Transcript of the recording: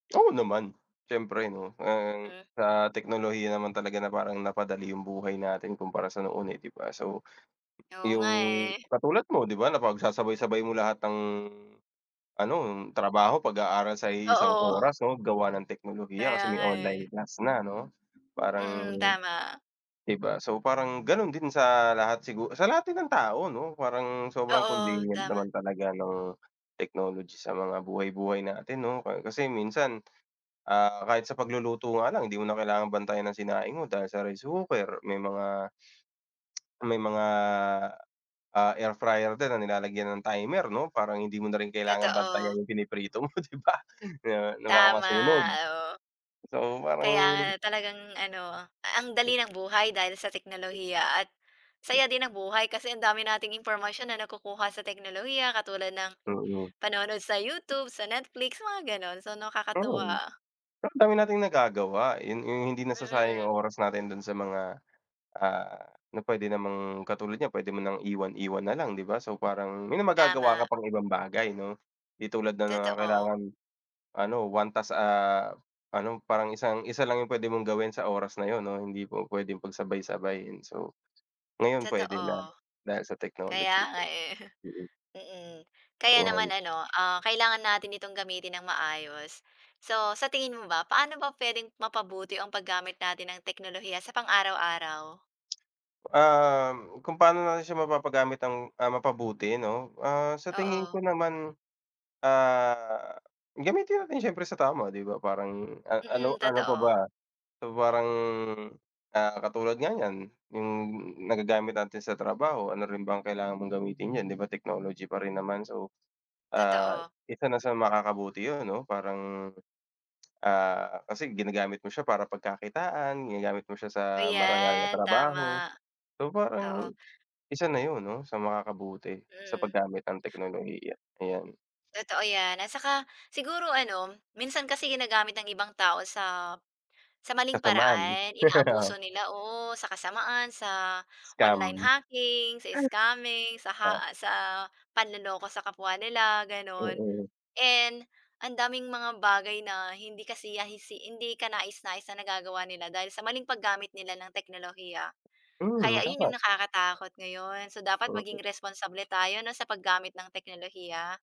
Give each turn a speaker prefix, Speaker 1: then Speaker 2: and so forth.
Speaker 1: Oo naman. Siyempre, 'no, uhm,
Speaker 2: Mhm.
Speaker 1: sa teknolohiya naman talaga na parang napadali yung buhay natin kumpara sa noon, eh, di ba? So,
Speaker 2: Oo nga,
Speaker 1: yung
Speaker 2: eh.
Speaker 1: katulad mo, 'di ba, napagsasabay-sabay mo lahat ng ano, trabaho, pag-aaral, sa iisang
Speaker 2: Oo.
Speaker 1: oras, 'no, gawa ng teknolohiya
Speaker 2: Kaya
Speaker 1: kasi may
Speaker 2: nga, eh.
Speaker 1: online class na, 'no? Parang
Speaker 2: Mm, tama.
Speaker 1: di ba? So, parang ganun din sa lahat sigu sa lahat din ng tao, no, parang sobrang
Speaker 2: Oo,
Speaker 1: convenient
Speaker 2: tama.
Speaker 1: naman talaga ng technology sa mga buhay-buhay natin, 'no? Ka kasi minsan, ah, kahit sa pagluluto nga lang, hindi mo na kailangang bantayan ang sinaing mo dahil sa rice cooker. May mga may mga, ah, air fryer din na nilalagyan ng timer, 'no, parang hindi mo na rin kailangan bantayan
Speaker 2: Totoo.
Speaker 1: yung piniprito mo, 'di ba? Na na baka masunog.
Speaker 2: Tama, oo.
Speaker 1: So,
Speaker 2: Kaya
Speaker 1: parang
Speaker 2: nga talagang ano, ang
Speaker 1: Hmm.
Speaker 2: dali ng buhay dahil sa
Speaker 1: Hmm.
Speaker 2: teknolohiya at
Speaker 1: Hmm.
Speaker 2: saya din ng buhay kasi ang dami nating impormasyon na nakukuha sa teknolohiya katulad ng
Speaker 1: Mm.
Speaker 2: panonood sa YouTube, sa Netflix, mga gano'n. So,
Speaker 1: Hmm.
Speaker 2: nakakatuwa.
Speaker 1: Ang dami nating nagagawa. Yun yung hindi nasasayang
Speaker 2: Mm.
Speaker 1: yung oras natin dun sa mga, ah, na pwede namang katulad niyan, pwede mo nang iwan-iwan na lang, 'di ba? So, parang may magagawa ka
Speaker 2: Tama.
Speaker 1: pang ibang bagay, 'no? Di tulad na nga
Speaker 2: Totoo.
Speaker 1: kailangan, ano, 1 task, ah, ano, parang isang isa lang yung pwede mong gawin sa oras na yun, no? Hindi pu-puwedeng pagsabay-sabayin. So, ngayon, pwede na
Speaker 2: Totoo,
Speaker 1: dahil sa
Speaker 2: kaya
Speaker 1: technology.
Speaker 2: nga, eh.
Speaker 1: Mm.
Speaker 2: Mm, kaya
Speaker 1: Ayan.
Speaker 2: naman ano, ah, kailangan natin itong gamitin ng maayos. So, sa tingin mo ba, paano ba pwedeng mapabuti ang paggamit natin ng teknolohiya sa pang-araw-araw?
Speaker 1: Uhm, kung paano natin siya mapapagamit ng, ah mapabuti, 'no? Ah, sa tingin
Speaker 2: Oo.
Speaker 1: ko naman, ah, gamitin natin siyempre sa tama, 'di ba? Parang a
Speaker 2: Mm,
Speaker 1: ano ano pa ba?
Speaker 2: totoo.
Speaker 1: So, parang, ah, katulad nga niyan, yung nagagamit natin sa trabaho. Ano rin ba ang kailangan mong gamitin yan 'di ba, technology pa rin naman? So, ah,
Speaker 2: Totoo.
Speaker 1: isa na sa makakabuti yun, 'no, parang, ah, kasi ginagamit mo siya para pagkakitaan, ginagamit mo siya sa marangal na
Speaker 2: Ayan,
Speaker 1: trabaho.
Speaker 2: tama.
Speaker 1: So,
Speaker 2: Oo.
Speaker 1: parang isa na yun, 'no, sa makakabuti sa
Speaker 2: Hmm.
Speaker 1: paggamit ng teknolohiya, ayan.
Speaker 2: Totoo 'yan at saka siguro ano, minsan kasi ginagamit ng ibang tao sa sa maling
Speaker 1: Kasamaan.
Speaker 2: paraan.
Speaker 1: Oh.
Speaker 2: Inaabuso nila, oo. Sa kasamaan, sa online
Speaker 1: Scam.
Speaker 2: hacking, sa scamming, sa
Speaker 1: Ha?
Speaker 2: ha sa panloloko sa kapwa nila, gano'n.
Speaker 1: Mm.
Speaker 2: And ang daming mga bagay na hindi kasiya si hindi kanais-nais na nagagawa nila dahil sa maling paggamit nila ng teknolohiya.
Speaker 1: Mm.
Speaker 2: Kaya ayun
Speaker 1: Tama.
Speaker 2: yung nakakatakot ngayon. So, dapat
Speaker 1: Mm.
Speaker 2: maging responsable tayo, 'no, sa paggamit ng teknolohiya.